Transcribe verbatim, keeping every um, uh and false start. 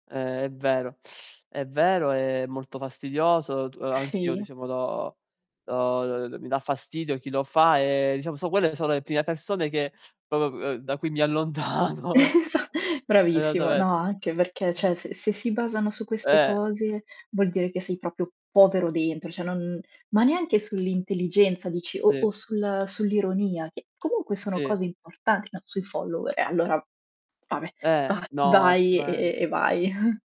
Eh, è vero, è vero, è molto fastidioso t anch'io Sì. diciamo do do [unintelligible] mi dà fastidio chi lo fa e diciamo so quelle so' le prime persone che popo uhm, da cui mi allontano. Esa bravissimo, no esattamente anche perché ceh, s se si basano su queste Eh. cose vuol dire che sei propio povero dentro ceh, non ma neanche sull'intelligenza dici o o Sì. sul sull'ironia che comunque sono Sì. cose importanti, no, sui follower e allora vabbè Eh, va no, vai e assolutamente. e vai.